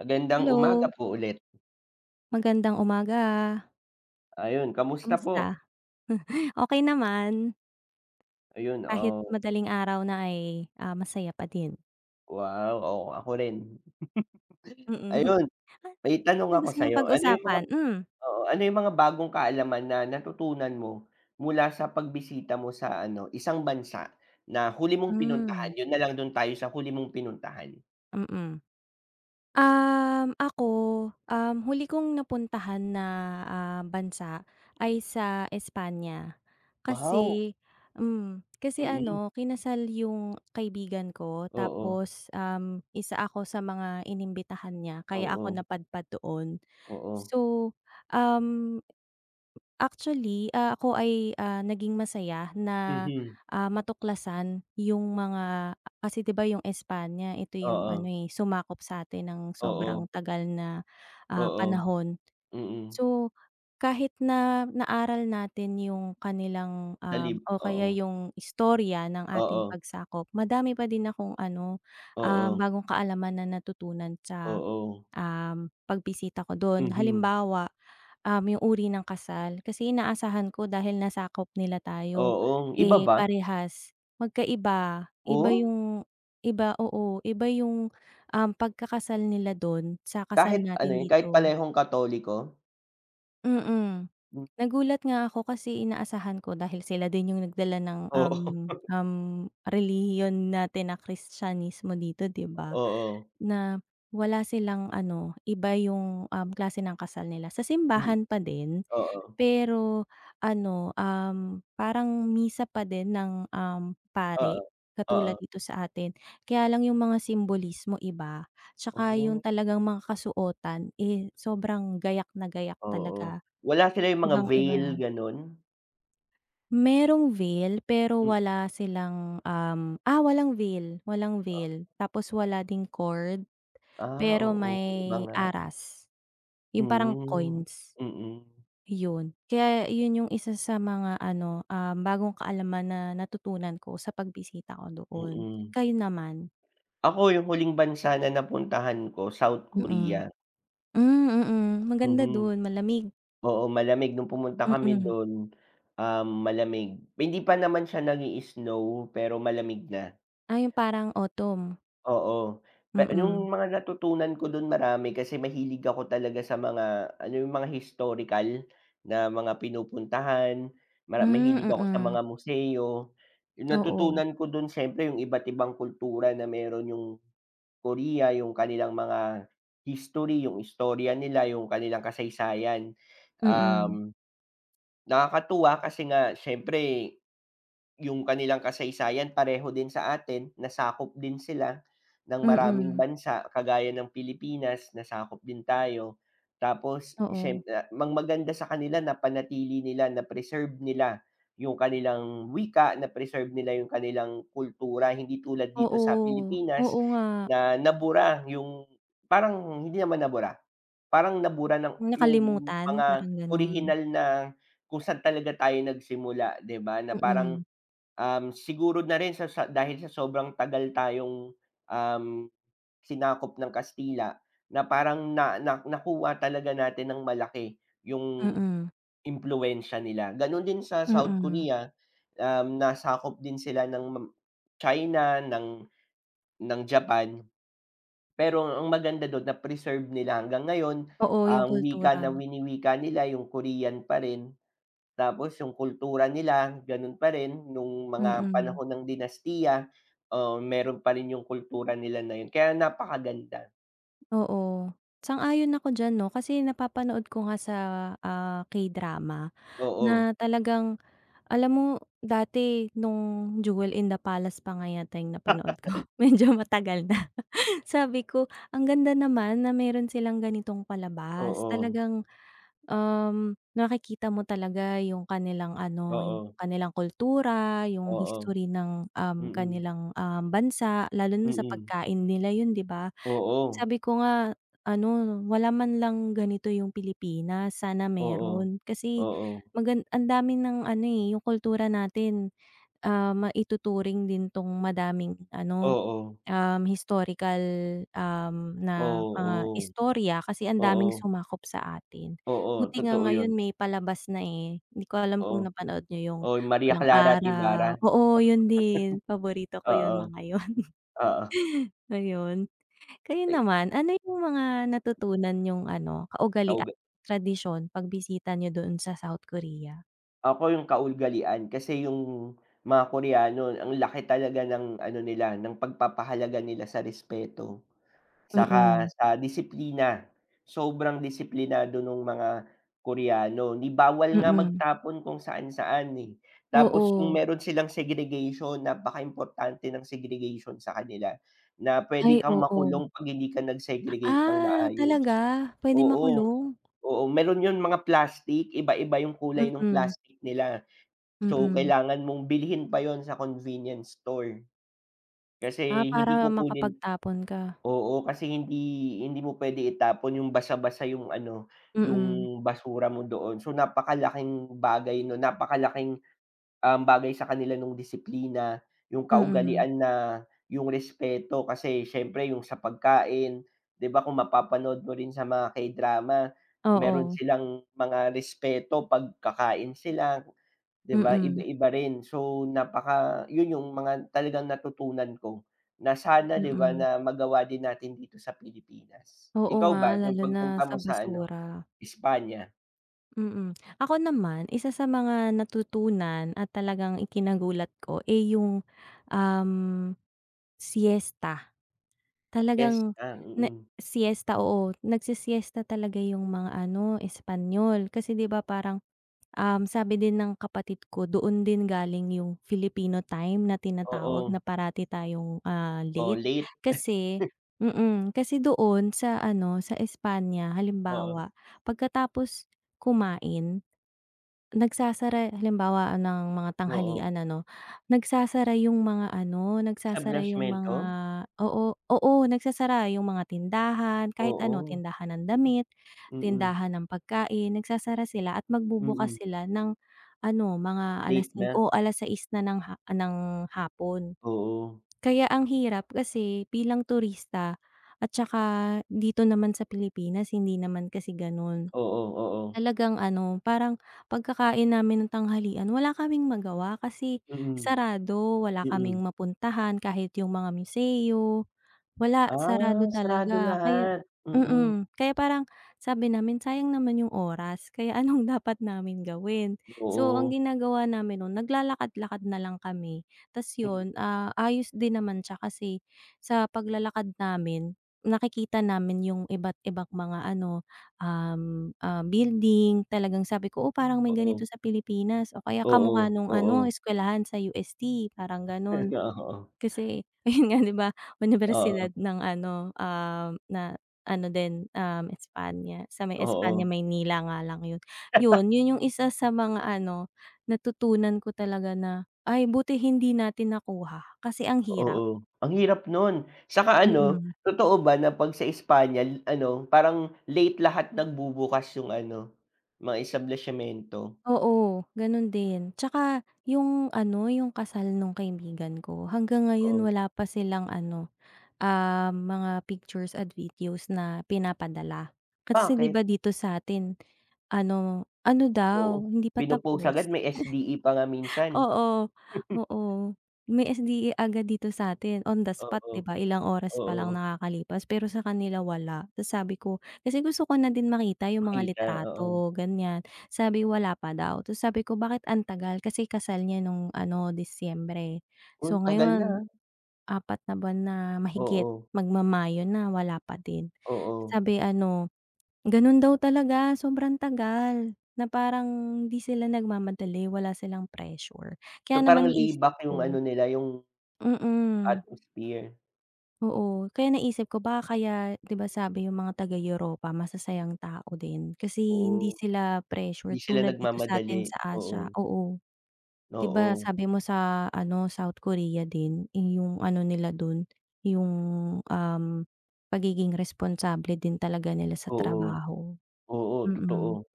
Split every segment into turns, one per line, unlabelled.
Magandang umaga
Hello.
po ulit.
Magandang umaga.
Ayon, kamusta po?
Kamusta? Okey naman.
Ayon,
Kahit
oh.
madaling araw na ay, ah, masaya pa din.
Wow, oo, ako rin.
Mm.
Ayon,
Ay,
may tanong
anong
ako
gusto niyong
sa'yo, ano 'yong mga
pag-usapan? Hmm.
oo, ano 'yong mga bagong kaalaman na, natutunan mo, mula sa pagbisita mo sa ano, isang bansa, na huli mong
Hmm.
pinuntahan? 'Yon na lang, do'n tayo sa huli mong pinuntahan.
Mm. Um, ako, um, huli kong napuntahan na, ah, bansa, ay sa Espanya.
Wow!
Kasi hmm, kasi
Mm.
ano, kinasal 'yong kaibigan ko,
Oo.
tapos, um, isa ako sa mga inimbitahan niya, kaya ako
Oo.
napadpad doon.
Oo.
So, um, actually, ah, ako ay, ah, naging masaya na,
Mhm.
ah, matuklasan 'yong mga ah, kasi, 'di ba, 'yong Espanya, ito 'yong ano,
Oo.
eh, sumakop sa'tin ng
Oo.
sobrang tagal na, ah,
Oo.
panahon.
Mm.
So, kahit na naaral natin 'yong kanilang,
Sa
um
lib
o kaya
oo.
'yong istorya ng ating
Oo.
pagsakop, madami pa din akong ano, ah,
Oo.
bagong kaalaman na natutunan sa,
Oo.
um, pagbisita ko do'n.
Mhm.
Halimbawa, um, 'yong uri ng kasal, kasi inaasahan ko, dahil nasakop nila tayo,
Oo, iba
eh,
ba?
parehas. Magkaiba, iba
Oh?
'yong iba oo, iba 'yong, um, pagkakasal nila do'n, sa kasal
Kahit, ano
natin
'yon, kahit
dito.
parehong Katoliko?
Mm.
M
Nagulat nga ako kasi inaasahan ko dahil sila din 'yong nagdala ng,
Oo.
um um, relihiyon natin na Kristiyanismo dito, 'di ba?
Oo.
Na wala silang ano, iba 'yong, um, klase ng kasal nila, sa
Hmm,
simbahan pa din,
oo.
pero ano, um, parang misa pa din ng, um, pari
Oo, oo.
katulad dito sa atin, kaya lang 'yong mga simbolismo iba, 'tsaka 'yong
Oh.
talagang mga kasuotan eh, sobrang gayak na gayak
Oo,
talaga.
wala sila 'yong mga veil,
Ibang-iba.
gano'n?
Merong veil, pero
M
wala silang, um, ah, walang veil walang
Ah.
veil. Tapos wala ding cord,
Ah,
pero
oo, iba
may
nga.
aras, 'yong parang
Hmm,
coins,
mhm.
'yon. Kaya 'yon 'yong isa sa mga ano, ah, bagong kaalaman na natutunan ko sa pagbisita ko doon.
Mm.
Kayo naman?
Ako 'yong huling bansa na napuntahan ko, South
Mm.
Korea.
Hmm, mhm, maganda
Mhm.
do'n, malamig.
Oo, malamig no'ng pumunta kami
Mm.
do'n, um, malamig. Hindi pa naman siya nag-i-snow, pero malamig na.
Ay, 'yong parang autumn.
Oo.
Hmm
Pe
hmm.
'yong mga natutunan ko 'don marami kasi mahilig ako talaga sa mga alam mo 'yong mga historical na mga pinupuntahan, mara
Hmm,
mahilig ako sa
mhm.
mga museo. 'Yong
Oo.
natutunan ko do'n syempre 'yong iba't ibang kultura na meron 'yong Korea, 'yong kanilang mga history, 'yong istorya nila, 'yong kanilang kasaysayan.
Mm.
Um, nakakatuwa kasi nga syempre 'yong kanilang kasaysayan pareho din sa atin, nasakop din sila ng maraming
Mm.
bansa kagaya ng Pilipinas, nasakop din tayo. Tapos
Oo.
syemp mag maganda sa kanila napanatili nila, na-preserve nila ''yong kanilang wika, na-preserve nila 'yong kanilang kultura, hindi tulad dito sa
Oo
Pilipinas
oo nga.
na nabura 'yong parang hindi naman nabura, parang nabura ng 'yong mga
Nakalimutan, parang gano'n.
orihinal na kung sa'n talaga tayo nagsimula, 'di ba, na parang,
Mm.
um, siguro na rin sa sa dahil sa sobrang tagal tayong, um, sinakop ng Kastila na parang na na nakuha talaga natin ng malaki 'yong
Mm.
impluwensya nila. Gano'n din sa South
Mm.
Korea, um, nasakop din sila ng China, ng ng Japan, pero ang maganda do'n na-preserve nila hanggang ngayon
Oo, 'yong
ang wika
kultura.
na winiwika nila, 'yong Korean pa rin. Tapos 'yong kultura nila gano'n pa rin no'ng mga
Mm.
panahon ng dinastiya. Oh, meron pa rin 'yong kultura nila na 'yon kaya napakaganda.
Oo. Sang-ayon ako diyan 'no kasi napapanood ko nga sa, ah, K-drama
Oo.
na talagang, alam mo dati nung Jewel in the Palace pa nga yata 'yung napanood ko, medyo matagal na. Sabi ko, "Ang ganda naman na meron silang ganitong palabas.
Oo.
Talagang, um, nakikita mo talaga 'yung kanilang ano, 'yung
Oo.
kanilang kultura, 'yung
Oo.
history ng, um,
Mm.
kanilang, um, bansa lalo na sa
Mm.
pagkain nila," 'yun, 'di ba?
Oo.
Sabi ko nga, ano, wala man lang ganito yung Pilipinas. Sana
Oo.
meron kasi
Oo.
magan ang dami ng ano, eh, 'yung kultura natin, ah, maituturing din 'tong madaming ano,
Oo.
um, historical, um, na mga
Oo.
istorya kasi ang daming
Oo.
sumakop sa atin.
Oo,
Buti nga
totoo 'yun.
ngayon may palabas na, eh. Hindi ko alam kung
Oh.
napanood n'yo 'yung
Oh, 'yung Maria
Pulang
Clara at
Araw
Ibarra.
oo, 'yun din paborito ko 'yung
Oo.
mga 'yun.
Oo.
Ayun. Kayo
Ay
naman, ano 'yung mga natutunan niyong ano, kaugalian,
Kauga
tradisyon, pagbisita niyo dun sa South Korea?
Ako 'yong kaugalian, kasi 'yong mga Koreano ang laki talaga ng ano nila ng pagpapahalaga nila sa respeto, tsaka
Mm.
sa disiplina, sobrang disiplinado no'ng mga Koreano, ni bawal nga
Mm.
magtapon kung saan-saan, eh, tapos kung
Oo.
meron silang segregation napakaimportante ng segregation sa kanila, na puwede
Ay
kang
oo.
makulong 'pag hindi ka nag-segregate ng
Ah, talaga,
maayos.
puwedeng
Oo,
makulong.
oo meron 'yong mga plastic, iba-iba 'yong kulay no'ng
Mm.
plastic nila, so
Mm.
kailangan mong bilhin pa 'yon sa convenience store.
Ah,
Kasi hindi
para
kukunin
makapagtapon ka.
oo kasi hindi hindi mo puwede itapon 'yong basa-basa 'yong ano,
Mm.
'yong basura mo doon, so napakalaking bagay 'no napakalaking, um, bagay sa kanila ng disiplina, 'yong
Mm.
kaugalian na 'yong respeto kasi s'yempre 'yong sa pagkain, 'di ba kung mapapanood mo rin sa mga K-drama, meron
Oo.
silang mga respeto pagkakain sila, 'di ba,
Mm.
iba-iba rin so napaka 'yon 'yong mga talagang natutunan ko na sana, 'di ba
Mm.
na magawa din natin dito sa Pilipinas.
Oo
Ikaw
nga,
ba 'yong
lalo na
pagpunta
sa
mo sa ano,
basura.
Espanya?
Mm, ako naman isa sa mga natutunan at talagang ikinagulat ko, eh, iyong em siesta.
Yes,
Talagang
ah,
na
mm.
siesta, oo, nagse siesta talaga iyong mga ano Espanyol kasi di ba, parang, um, sabi din ng kapatid ko doon din galing iyong Filipino time na tinatawag
Oo.
na parati tayong, ah,
Oh,
late
late.
kasi, mm, kasi doon sa ano sa Espanya
Oo.
halimbawa pagkatapos kumain nagsasara halimbawa ng mga
Oo.
tanghalian ano nagsasara iyong mga ano,
Sa
nagsasara iyong mga
blastmento?
oo, oo, nagsasara iyong mga tindahan kahit ano,
Oo.
tindahan ng damit,
Mm.
tindahan ng pagkain, nagsasara sila at
Mm.
magbubukas sila ng ano, mga
Late
alas
na.
singko o 6:00 na ng ng hapon.
Oo.
Kaya ang hirap kasi bilang turista at saka dito naman sa Pilipinas hindi naman kasi ganun,
Oo, oo.
talagang ano parang pagkakain namin ng tanghalian wala kaming magawa kasi
Mm,
sarado, wala kaming
mm.
mapuntahan kahit iyong mga museo wala
Ah,
sarado
sarado
talaga kaya,
lahat, mm.
mm, kaya parang sabi namin sayang naman iyong oras kaya anong dapat namin gawin, so ang
Oo.
ginagawa namin nung naglalakad-lakad na lang kami tas
Mm.
yon, ah, ayos din naman siya kasi sa paglalakad namin nakikita namin iyong iba't ibang mga ano, ah, building talagang sabi ko oo parang may
[unintelligible]
ganito
,Oo.
sa Pilipinas o kaya
Oo,
kamukha nung ano
oo.
eskwelahan sa UST parang ganon.
Oo.
Kasi, yon nga di ba, unibersidad
Oo.
ng ano, ah, na ano din, um, Espanya, sa may Espanya
Oo.
Maynila nga lang yon, yon yon iyong isa sa mga ano natutunan ko talaga na ay buti hindi natin nakuha kasi ang hirap.
Oo, ang hirap nun at saka ano
Mm.
totoo ba na pag sa Espanya ano, parang late lahat nagbubukas iyong ano, mga establishento.
Oo, ganun din, at saka iyong ano, iyong kasal nung kaibigan ko hanggang ngayon
Oo.
wala pa silang ano, ah, mga pictures and videos na pinapadala, kasi di ba
Bakit.
dito sa atin ano ano
Oo,
daw hindi pa
pino post
tapos.
agad may SDE pa nga minsan.
Oo, oo may SDA agad dito sa atin on the spot,
Oo,
di ba ilang oras pa lang
oo.
nakakalipas, pero sa kanila wala, tapos sabi ko kasi gusto ko na din makita iyong mga
Makita, oo.
litrato ganyan sabi wala pa daw, tapos sabi ko bakit ang tagal kasi kasal niya nung ano Disyembre
Oh,
so
tagal na.
ngayon 4 na buwan na mahigit
Oo.
magma Mayo na wala pa din,
Oo.
sabi ano, ganun daw talaga sobrang tagal na parang hindi sila nagmamadali wala silang pressure,
So
kaya
parang
naman
lay
naisip
back iyong ano
ko
nila, iyong
Mm.
atmosphere.
Oo, kaya naisip ko, baka kaya diba sabi iyong mga taga Europa masasayang tao din, kasi hindi
Oo.
sila
'Di
pressured
sila
tulad dito sa
nagmamadali,
atin sa
oo.
Asya, oo. 'Diba
Oo.
sabi mo sa ano, South Korea din iyong ano nila dun, iyong um, pagiging responsable din talaga nila sa
Oo,
trabaho,
oo,
mm.
totoo.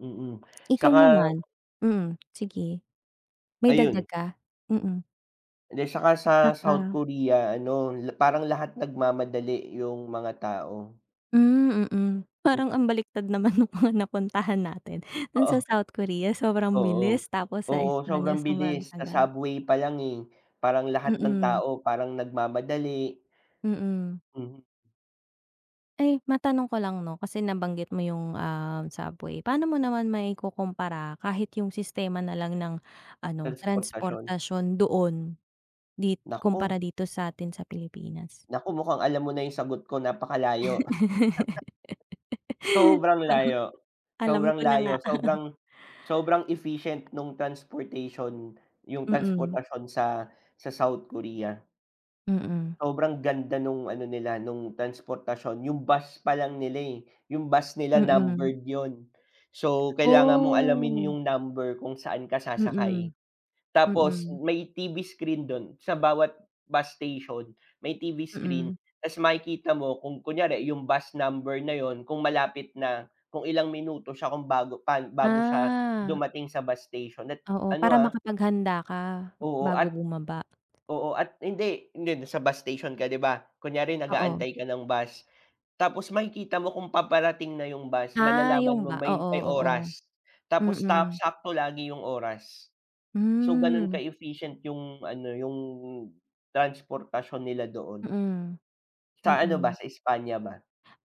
Mm, at
Ikaw
saka
naman, mm sige. May
Ayun.
dagdag ka? Mm.
Hindi, at saka sa
At
South
saka.
Korea ano la parang lahat nagmamadali iyong mga tao.
Hmm, mm.
Mm.
Parang ang baliktad naman nung mga napuntahan natin. Doon
Oo.
sa South Korea sobrang
Oo,
bilis tapos sa
oo
Espanya
sobrang
sobrang
bilis. Sa
tagal.
subway palang eh, parang lahat ng
Mm.
tao parang nagmamadali.
Mm.
Mm.
Eh, matanong ko lang 'no? Kasi nabanggit mo iyong ah, subway paano mo naman maikukumpara kahit iyong sistema nalang ng ano
Transportasyon.
transportasyon doon di
Naku.
kumpara dito sa atin sa Pilipinas?
Naku, mukhang alam mo na iyong sagot ko, napakalayo.
Oh,
Sobrang layo,
alam
sobrang
ko na nga.
layo. Sobrang sobrang em efficient nung transportation, iyong
Mm.
transportasyon sa sa South Korea.
Mm.
Sobrang ganda nung ano nila nung transportasyon, yung bus palang nila, yung bus nila
Mm.
numbered yun. So kailangan mong alamin
Oh.
yung number kung saan ka sasakay.
Mm,
Tapos
mm.
may TV screen dun sa bawat bus station, may TV screen.
Mm.
Tas makikita mo kung kunyari yung bus number na yun, kung malapit na, kung ilang minuto siya kung bago pa bago siya
Ah.
dumating sa bus station at
Oo,
ano,
para
ah
makapaghanda ka,
Oo,
bago
at
bumaba.
oo, at hindi, hindi, sa bus station ka 'di ba kunyari
Oo.
nag-aantay ka ng bus, tapos makikita mo kung paparating na yung bus
Ah,
malalaman
yung
mo
ba
may
oo,
may
oo,
oras, tapos ta
mm.
sakto lagi yung oras. So ganun
Hmm.
ka-efficient yung ano yung transportasyon nila doon.
Mm.
Sa ano ba,
Mm.
sa Espanya ba?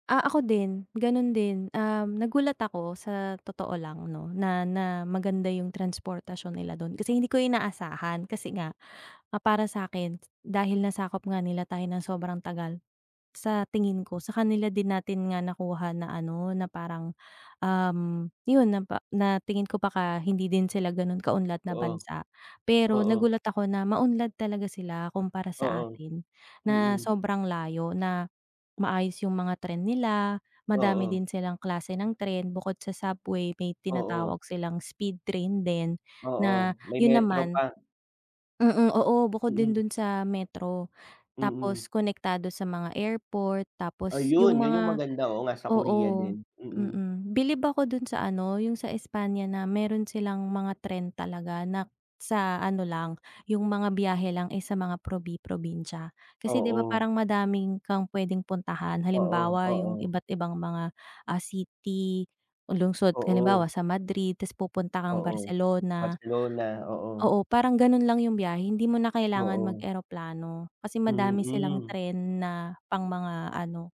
Ah, ako din, ganun din. Um, nagulat ako sa totoo lang 'no, na na maganda yung transportasyon nila dun. Kasi hindi ko inaasahan kasi nga, ah, para sakin dahil nasakop nga nila tayo ng sobrang tagal, sa tingin ko sa kanila din natin nga nakuha na ano na parang, um, yun na pa na tingin ko baka hindi din sila ganun kaunlad na
Oo.
bansa. Pero
Oo.
nagulat ako na maunlad talaga sila kumpara sa
Oo,
atin na
mm.
sobrang layo, na maayos yung mga tren nila, madami
Oo.
din silang klase ng tren, bukod sa subway may
Oo.
tinatawag silang speed train din na
Oo. May
yun
metro
naman
pa.
mm, oo bukod din
Mm.
dun sa metro tapos
Mm.
konektado sa mga airport tapos
Ayun,
yung
yun yung
mga
maganda. Oo nga sa Korea
oo,
din, mm.
mm. Bilib ako dun sa ano yung sa Espanya na meron silang mga tren talaga na sa ano lang yung mga biyahe lang sa mga probi-probinsya, kasi 'di ba
Oo.
parang madami kang pwedeng puntahan
Oo,
halimbawa, yung
oo.
iba't ibang mga, ah, city, lungsod halimbawa,
Oo.
sa Madrid tas pupunta kang
Oo.
Barcelona.
Barcelona, oo.
Oo, parang ganun lang yung biyahe hindi mo na kailangan
Oo.
mag-eroplano, kasi madami silang
Mm.
tren na pang mga ano,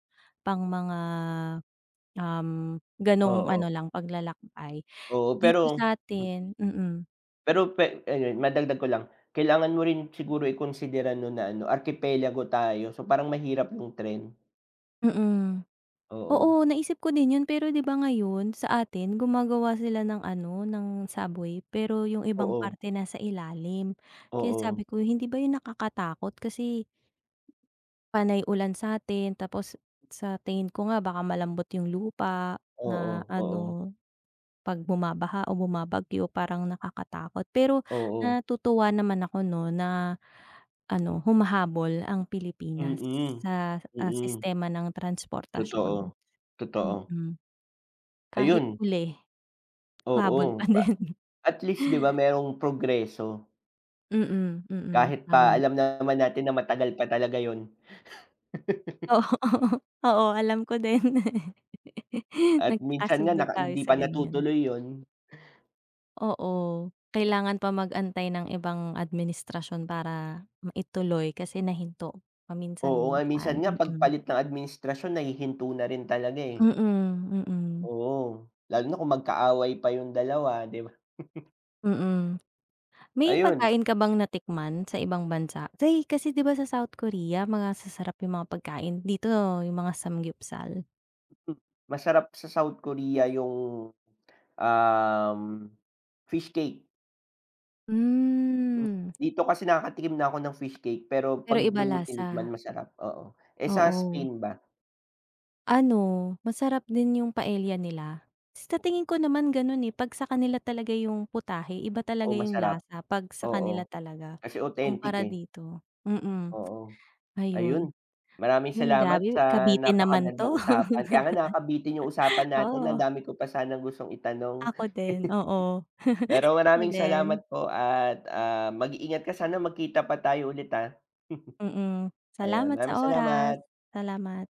pang mga, um, ganong
Oo.
ano lang paglalakbay.
Oo,
Dito
pero hmm.
satin mm.
Pero, pe ay ay, madagdag ko lang, kailangan mo rin siguro ikonsidera, 'no, na ano, arkipelago tayo, so, parang mahirap yung tren.
Mm.
Oo.
Oo, naisip ko din 'yon, pero, 'di ba, ngayon, sa atin, gumagawa sila ng ano, ng subway. Pero yung ibang
Oo.
parte, nasa ilalim. Kaya
Oo.
sabi ko, hindi ba 'yon nakakatakot, kasi panay ulan sa'tin, tapos sa tingin ko nga, baka malambot yung lupa, na
Oo, oo.
ano, 'pag bumabaha o bumabagyo, parang nakakatakot. Pero,
Oo.
natutuwa naman ako, 'no, na ano, humahabol ang Pilipinas
Mm,
sa, ah,
mm.
sistema ng transportasyon.
Totoo, totoo.
Mm. Kahit
Ayun.
huli, humabol
Oo,
pa
pa
din.
at least, 'di ba, merong progreso.
Mm, mm,
Kahit pa,
tama.
alam naman natin na matagal pa talaga 'yon.
Oo, oo, alam ko din.
At minsan nga,
Nagkakasundo
naka
tayo
hindi
sa
pa
ganyan.
natutuloy 'yon.
Oo, kailangan pa mag-antay ng ibang administrasyon para, maituloy kasi nahinto,
Oo nga, eh, minsan
paminsan-minsan.
nga
Mm.
pagpalit ng administrasyon, nahihinto na rin talaga, eh.
Mm, mm.
Oo, lalo na kung magka-away pa yung dalawa, 'di ba?
Mm, may
Ayun.
pagkain ka bang natikman sa ibang bansa? Say kasi, 'di ba, sa South Korea, mga sasarap yung mga pagkain, dito yung mga samgyupsal.
Masarap sa South Korea, yung, um, fish cake. Hmm
Hmm.
dito kasi nakakatikim na ako ng fish cake, pero
Pero,
'pag
iba
do'n mo tinikman,
lasa.
masarap, oo, eh, sa
Oo.
Spain ba?
Ano, masarap din yung paella nila. Sa tingin ko naman gano'n, eh, 'pag sa kanila talaga yung putahe, iba talaga
Oh,
yung
masarap.
lasa, 'pag sa kanila
Oo,
talaga,
kasi authentic,
kumpara
eh.
dito, mm,
Oo.
ayun.
Ayun, maraming
'Yon,
salamat
grabe,
sa
kabitin naman
napakagandang
'to.
usapan. Kaya nga, nakakabitin yung usapan natin, ang
Oo.
dami ko pa sanang gustong itanong.
Ako din, oo.
Pero,
Ako
maraming salamat
din.
po, at, ah, mag-iingat ka, sana magkita pa tayo ulit, ah.
Mm,
Ayun,
salamat sa
maraming
oras.
salamat.
Salamat.